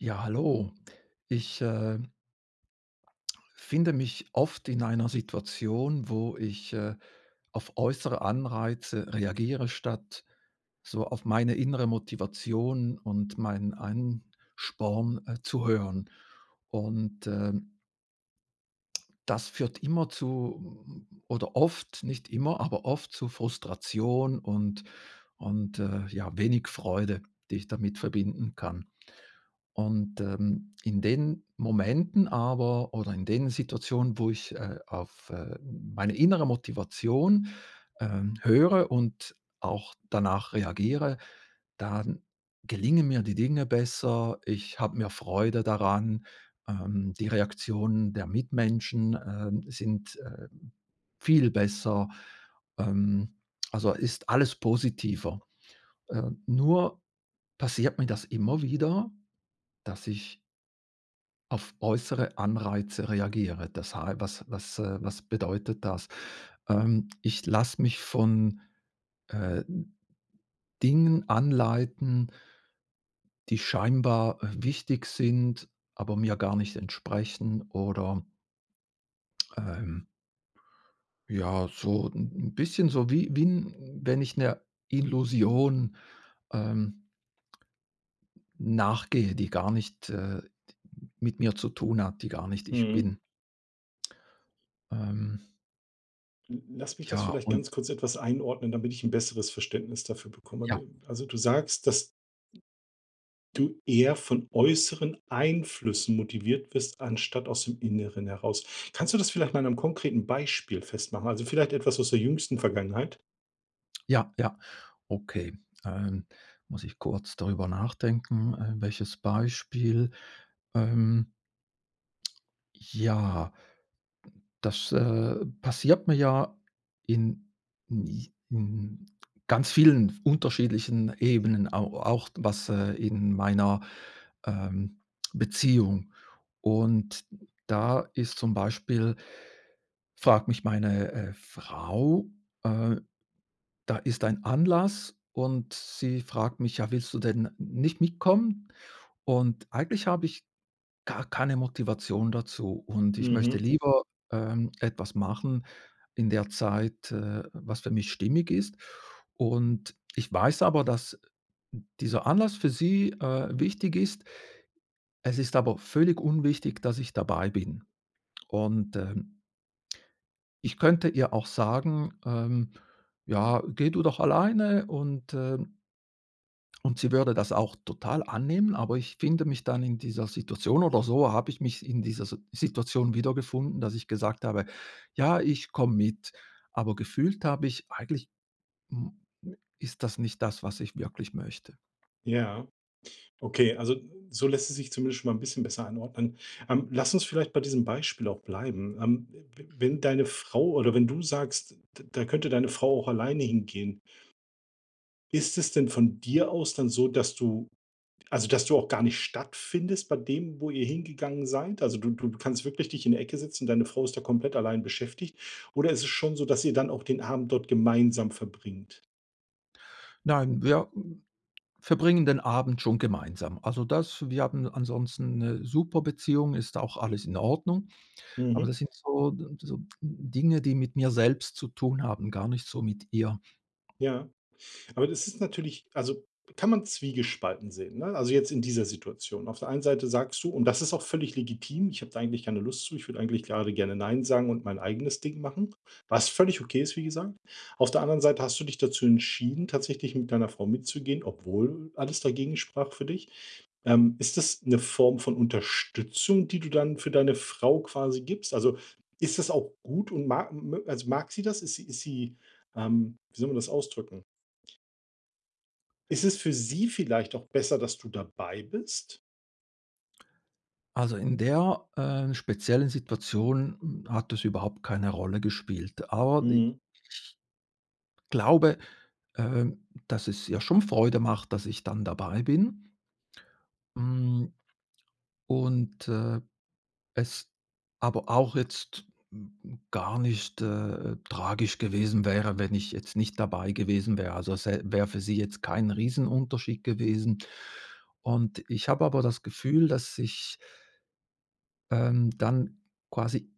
Ja, hallo. Ich, äh finde mich oft in einer Situation, wo ich, äh, auf äußere Anreize reagiere, statt so auf meine innere Motivation und meinen Ansporn, äh, zu hören. Und, äh das führt immer zu oder oft, nicht immer, aber oft zu Frustration und und, äh, ja, wenig Freude, die ich damit verbinden kann. Und, ähm, in den Momenten aber oder in den Situationen, wo ich, äh, auf, äh, meine innere Motivation, ähm, höre und auch danach reagiere, dann gelingen mir die Dinge besser. Ich habe mehr Freude daran. Ähm, die Reaktionen der Mitmenschen, ähm, sind, äh, viel besser. Ähm, also ist alles positiver. Äh, nur passiert mir das immer wieder, dass ich auf äußere Anreize reagiere. Das hei was was was bedeutet das? Ähm, ich lasse mich von, äh, Dingen anleiten die scheinbar, äh, wichtig sind, aber mir gar nicht entsprechen oder ähm ja, so 'n 'n bisschen so wie wie 'n wenn ich 'ner Illusion, ähm nachgehe, die gar nicht, äh, d mit mir zu tun hat, die gar nicht ich Mhm. bin. Ähm L lass mich das Ja vielleicht und ganz kurz etwas einordnen, damit ich 'n besseres Verständnis dafür bekomme, Ja. ne? Also, du sagst, dass du eher von äußeren Einflüssen motiviert wirst, anstatt aus dem Inneren heraus. Kannst du das vielleicht mal an 'nem konkreten Beispiel festmachen? Also, vielleicht etwas aus der jüngsten Vergangenheit? Ja, ja, okay, äh. Muss ich kurz darüber nachdenken. Äh, welches Beispiel? Ähm ja. Das, äh, passiert mir ja in in j in ganz vielen f unterschiedlichen Ebenen au auch was, äh in meiner, ähm, Beziehung. Und da ist zum Beispiel fragt mich meine, äh, Frau äh, da ist ein Anlass und sie fragt mich: „Ja, willst du denn nicht mitkommen?“ Und eigentlich habe ich gar keine Motivation dazu und ich möchte Mhm. lieber, ähm, etwas machen in der Zeit, äh, was für mich stimmig ist. Und ich weiß aber, dass dieser Anlass für sie, äh, wichtig ist. Es ist aber völlig unwichtig, dass ich dabei bin. Und, ähm ich könnte ihr auch sagen: „Ähm, ja, geh du doch alleine“ und, äh und sie würde das auch total annehmen, aber ich finde mich dann in dieser Situation oder so habe ich mich in dieser Si Situation wiedergefunden, dass ich gesagt habe: „Ja, ich komme mit“, aber gefühlt habe ich: „Eigentlich, hm, ist das nicht das, was ich wirklich möchte.“ Ja. Okay, also, so lässt es sich zumindest schon mal 'n bisschen besser einordnen. Ähm, lass uns vielleicht bei diesem Beispiel auch bleiben, ähm. W Mhm. wenn deine Frau oder wenn du sagst: „D da könnte deine Frau auch alleine hingehen" ist es denn von dir aus dann so, dass du also, dass du auch gar nicht stattfindest bei dem, wo ihr hingegangen seid? Also, du du kannst wirklich dich in die Ecke setzen und deine Frau ist da komplett allein beschäftigt oder ist es schon so, dass ihr dann auch den Abend dort gemeinsam verbringt? Nein, wir verbringen den Abend schon gemeinsam. Also, das wir haben ansonsten 'ne super Beziehung, ist auch alles in Ordnung. Aber Mhm. das sind so so Dinge, die mit mir selbst zu tun haben, gar nicht so mit ihr. Ja. Aber das ist natürlich also, kann man zwiegespalten sehen, ne? Also, jetzt in dieser Situation. Auf der einen Seite sagst du und das ist auch völlig legitim: „Ich habe da eigentlich keine Lust zu, ich würde eigentlich grade gerne 'Nein' sagen und mein eigenes Ding machen“, was völlig okay ist, wie gesagt. Auf der anderen Seite hast du dich dazu entschieden, tatsächlich mit deiner Frau mitzugehen, obwohl alles dagegen sprach für dich. Ähm, ist das 'ne Form von Unterstützung, die du dann für deine Frau quasi gibst? Also, ist das auch gut und mag mö als mag sie das? Ist sie ist sie, ähm wie soll man das ausdrücken? Ist es für sie vielleicht auch besser, dass du dabei bist? Also, in der, äh, speziellen Situation, hm, hat es überhaupt keine Rolle gespielt. Aber die Mhm. ich glaube, ähm, dass es ihr schon Freude macht, dass ich dann dabei bin. Hm, und, äh, es aber auch jetzt, hm hm, gar nicht, äh, tragisch gewesen wäre, wenn ich jetzt nicht dabei gewesen wäre. Also, es ä wäre für sie jetzt kein Riesenunterschied gewesen. Und ich habe aber das Gefühl, dass ich ähm, dann quasi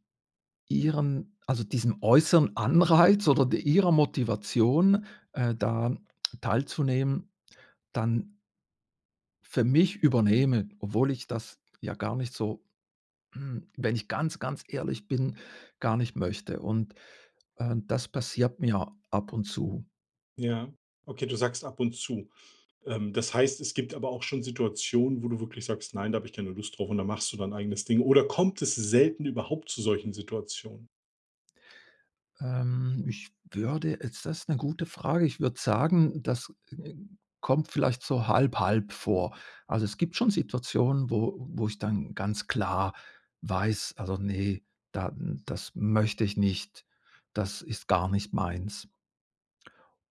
ihren also, diesem äußeren Anreiz oder d ihrer Motivation, äh, da teilzunehmen, dann für mich übernehme, obwohl ich das ja gar nicht so, hm wenn ich ganz, ganz ehrlich bin, gar nicht möchte und, äh, das passiert mir ab und zu. Ja. Okay, du sagst: „Ab und zu“. Ähm, das heißt, es gibt aber auch schon Situationen, wo du wirklich sagst: „Nein, da habe ich keine Lust drauf“ und dann machst du dein eigenes Ding oder kommt es selten überhaupt zu solchen Situationen? Ähm. Ich würde jetzt, das ist 'ne gute Frage, ich würde sagen, das, äh, kommt vielleicht so halb, halb vor. Also, es gibt schon Situationen, wo wo ich dann ganz klar weiß: „Also, ne da das möchte ich nicht. Das ist gar nicht meins."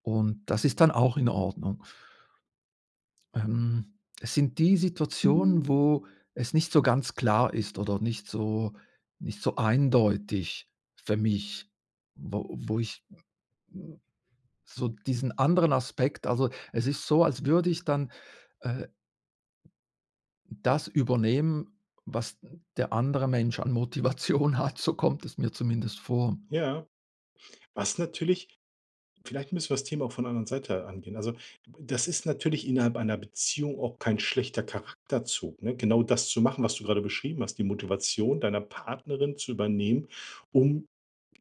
Und das ist dann auch in Ordnung. Ähm, es sind die Situationen, wo es nicht so ganz klar ist oder nicht so nicht so eindeutig für mich, wo wo ich, m m so diesen anderen Aspekt also, es ist so, als würde ich dann, äh das übernehmen, was der andere Mensch an Motivation hat. So kommt es mir zumindest vor. Ja, was natürlich vielleicht müssen wir das Thema auch von 'ner anderen Seite angehen. Also, d b das ist natürlich innerhalb einer Beziehung auch kein schlechter Charakterzug, ne? Genau das zu machen, was du grade beschrieben hast, die Motivation deiner Partnerin zu übernehmen, um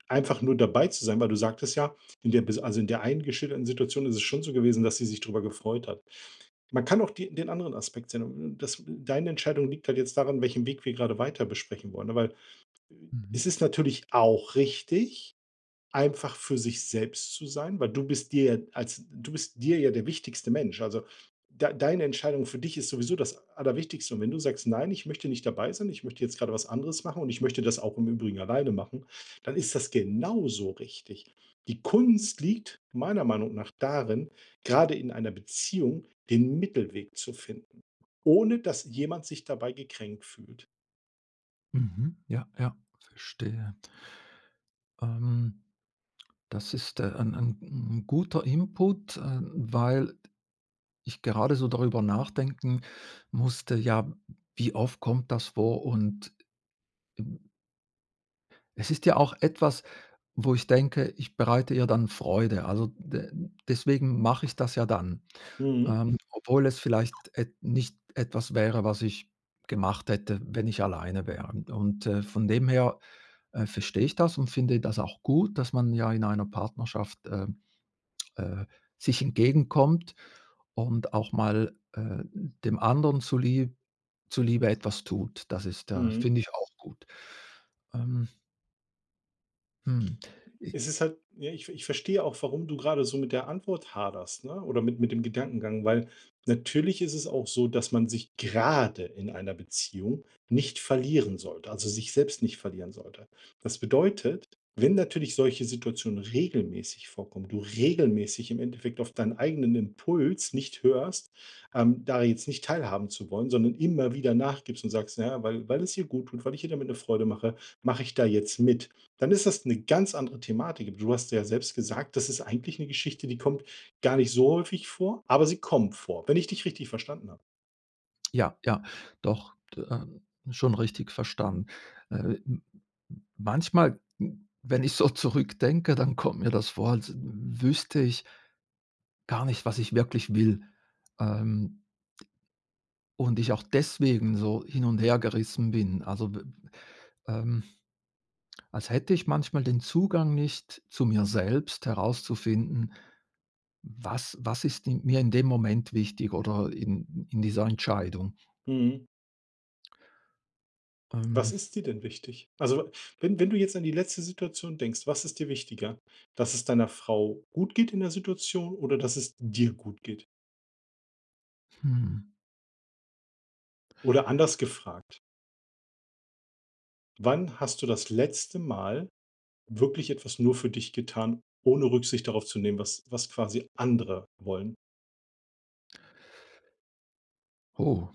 einfach nur dabei zu sein, weil du sagtest ja: „In der bis also, in der einen geschilderten Situation ist es schon so gewesen, dass sie sich darüber gefreut hat“. Man kann auch die den anderen Aspekt sehen un und das deine Entscheidung liegt halt jetzt daran, welchen Weg wir grade weiter besprechen wollen. Ja weil äh, Mhm. es ist natürlich auch richtig, einfach für sich selbst zu sein, weil du bist dir ja als du bist dir ja der wichtigste Mensch. Also, dei deine Entscheidung für dich ist sowieso das Allerwichtigste und wenn du sagst: „Nein, ich möchte nicht dabei sein, ich möchte jetzt gerade was anderes machen und ich möchte das auch im Übrigen alleine machen“, dann ist das genauso richtig. Die Kunst liegt meiner Meinung nach darin, grade in einer Beziehung den Mittelweg zu finden, ohne dass jemand sich dabei gekränkt fühlt. Mhm. Ja, ja, verstehe. Ähm, das ist, äh, ein ein 'n guter Input, ähm, weil ich gerade so darüber nachdenken musste, ja, wie oft kommt das vor? Und, hm Es ist ja auch etwas, wo ich denke, ich bereite ihr dann Freude. Also, d deswegen mache ich das ja dann, Mhm. ähm, obwohl es vielleicht et nicht etwas wäre, was ich gemacht hätte, wenn ich alleine wäre. Und, äh, von dem her, äh, verstehe ich das und finde das auch gut, dass man ja in einer Partnerschaft, ähm, äh, sich entgegenkommt und auch mal, äh, dem anderen zu Li zu Liebe etwas tut. Das ist, äh, Mhm. finde ich auch gut. Ähm. Hm. I Es ist halt, ja, ich ich verstehe auch, warum du grade so mit der Antwort haderst, ne? Oder mit mit dem Gedankengang, weil, natürlich ist es auch so, dass man sich grade in einer Beziehung nicht verlieren sollte also, sich selbst nicht verlieren sollte. Das bedeutet, wenn natürlich solche Situationen regelmäßig vorkommen, du regelmäßig im Endeffekt auf deinen eigenen Impuls nicht hörst, ähm, da jetzt nicht teilhaben zu wollen, sondern immer wieder nachgibst und sagst: „Na ja, weil weil es ihr guttut, weil ich ihr damit eine Freude mache, mache ich da jetzt mit,“ dann ist das 'ne ganz andere Thematik. Aber, du hast ja selbst gesagt, das ist eigentlich 'ne Geschichte, die kommt gar nicht so häufig vor, aber sie kommt vor, wenn ich dich richtig verstanden habe. Ja, ja, doch, d ähm, schon richtig verstanden. Äh, m m manchmal, hm, wenn ich so zurückdenke, dann kommt mir das Wort, w w wüsste ich gar nicht, was ich wirklich will, ähm, d und ich auch deswegen so hin und hergerissen bin. Also, de m ähm, als hätte ich manchmal den Zugang nicht zu mir selbst herauszufinden, was was ist mir in dem Moment wichtig oder in in dieser Entscheidung? Mhm. Was Ähm ist dir denn wichtig? Also, wenn wenn du jetzt an die letzte Situation denkst, was ist dir wichtiger? Dass es deiner Frau gut geht in der Situation oder, dass es dir gut geht? Hm. Oder anders gefragt wann hast du das letzte Mal wirklich etwas nur für dich getan, ohne Rücksicht darauf zu nehmen, was was quasi andere wollen? Oh.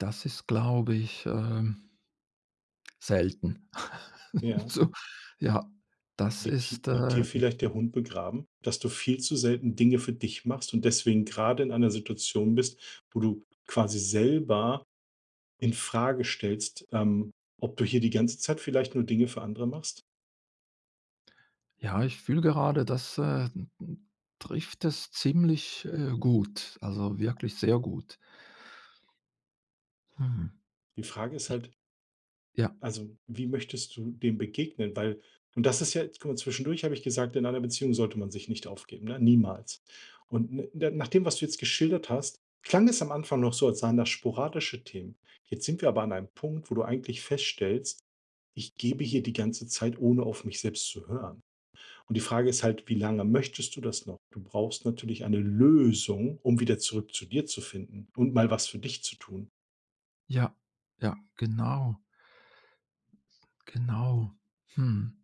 Das ist, glaube ich, ähm selten Ja. so. Ja, das Liegt hie ist, liegt hier ähm vielleicht der Hund begraben, dass du viel zu selten Dinge für dich machst und deswegen grade in einer Situation bist, wo du quasi selber infrage stellst, ähm, ob du hier die ganze Zeit vielleicht nur Dinge für andere machst? Ja, ich fühle gerade, das, äh, m m trifft es ziemlich, äh, gut, also, wirklich sehr gut. Hm. Die Frage ist halt Ich ja. also, wie möchtest du dem begegnen? Weil und das ist ja guck mal, zwischendurch habe ich gesagt: „In einer Beziehung sollte man sich nicht aufgeben“, ne, niemals. Und na nach dem, was du jetzt geschildert hast, klang es am Anfang noch so, als seien das sporadische Themen. Jetzt sind wir aber an einem Punkt, wo du eigentlich feststellst: „Ich gebe hier die ganze Zeit, ohne auf mich selbst zu hören“. Und die Frage ist halt, wie lange möchtest du das noch? Du brauchst natürlich eine Lösung, um wieder zurück zu dir zu finden und mal was für dich zu tun. Ja, ja, genau. Genau. Hm.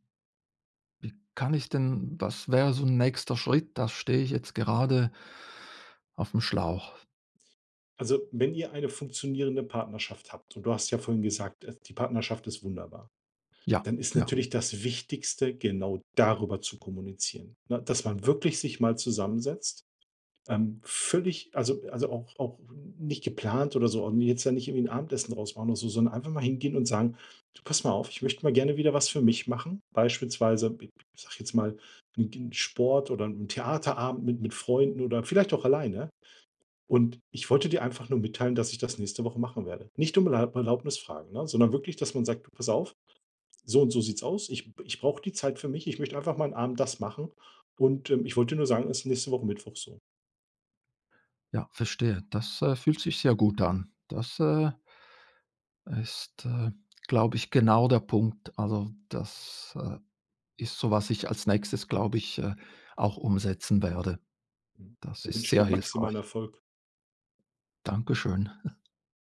Wie kann ich denn was wäre so 'n nächster Schritt? Das stehe ich jetzt gerade aufm Schlauch. Also, wenn ihr eine funktionierende Partnerschaft habt und du hast ja vorhin gesagt: „Die Partnerschaft ist wunderbar“, Ja, dann ist ja. natürlich das Wichtigste, genau darüber zu kommunizieren, ne? Dass man wirklich sich mal zusammensetzt, ähm, völlig also also, auch auch n nicht geplant oder so und jetzt da nicht irgendwie 'n Abendessen raus machen oder so, sondern einfach mal hingehen und sagen: „Du pass mal auf, ich möchte mal gerne wieder was für mich machen, beispielsweise b b sage ich jetzt mal, 'n Sport oder 'n Theaterabend mit mit Freunden oder vielleicht auch alleine. Und ich wollte dir einfach nur mitteilen, dass ich das nächste Woche machen werde“. Nicht um Erl Erlaubnis fragen, ne? Sondern wirklich, dass man sagt: „Du pass auf, so und so sieht's aus. Ich ich brauche die Zeit für mich. Ich möchte einfach mal 'n Abend das machen. Und, ähm, ich wollte dir nur sagen, es ist nächste Woche Mittwoch“ so. Ja, verstehe. Das, äh, fühlt sich sehr gut an. Das, äh ist, äh, glaube ich, genau der Punkt. Also, das, äh, ist so, was ich als Nächstes, glaube ich, äh, auch umsetzen werde. Mhm. Das Da ist wünsche ich dir sehr maximalen hilfreich. Erfolg. Dankeschön.